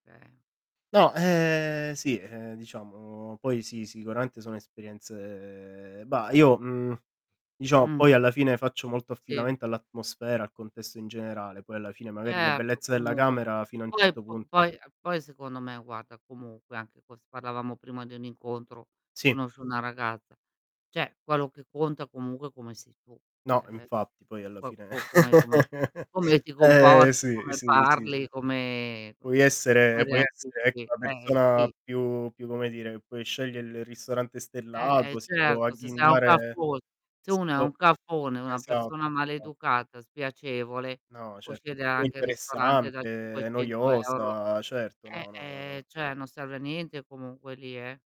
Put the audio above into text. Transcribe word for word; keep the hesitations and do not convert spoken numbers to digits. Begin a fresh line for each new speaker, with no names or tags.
Eh.
No ehm, sì, ehm, diciamo poi sì, sicuramente sono esperienze bah, io, mhmm, diciamo
Mh.
poi alla fine faccio molto
Sì.
affidamento all'atmosfera, al contesto in generale; poi alla fine, magari, la
Certo,
bellezza della
comunque
camera fino a un
poi e
certo
po
punto.
poi a poi, secondo meo, guarda, comunque anche ques parlavamo prima di un incontro,
Sì.
conosci una ragazza ceh, quello che conta, comungue, è come sei tu,
No,
ehm,
enfatti. Poi alla
que
fine
co come come come come ti
eh,
comporti,
sì,
come
sì, sì, sì.
parli, come
Puoi
come
essere puoi essere, ecco,
reagisci
la
eh, eh,
persona
sì.
più più come dire, puoi sceglie il ristorante
Eh, e
stellato, si può
certo. Se sei un
agghindare
cafo se
sì
uno è
può
un cafone, è una
esatto,
persona
esatto.
maleducata, spiacevole,
No,
può
certo.
scegliere
Poco,
anche il ristorante da
interessante,
cinquecento euro.
noiosa. Certo.
Eh,
No, no, no,
ehm,
no.
ceh non serve a niente comunque lì, eh.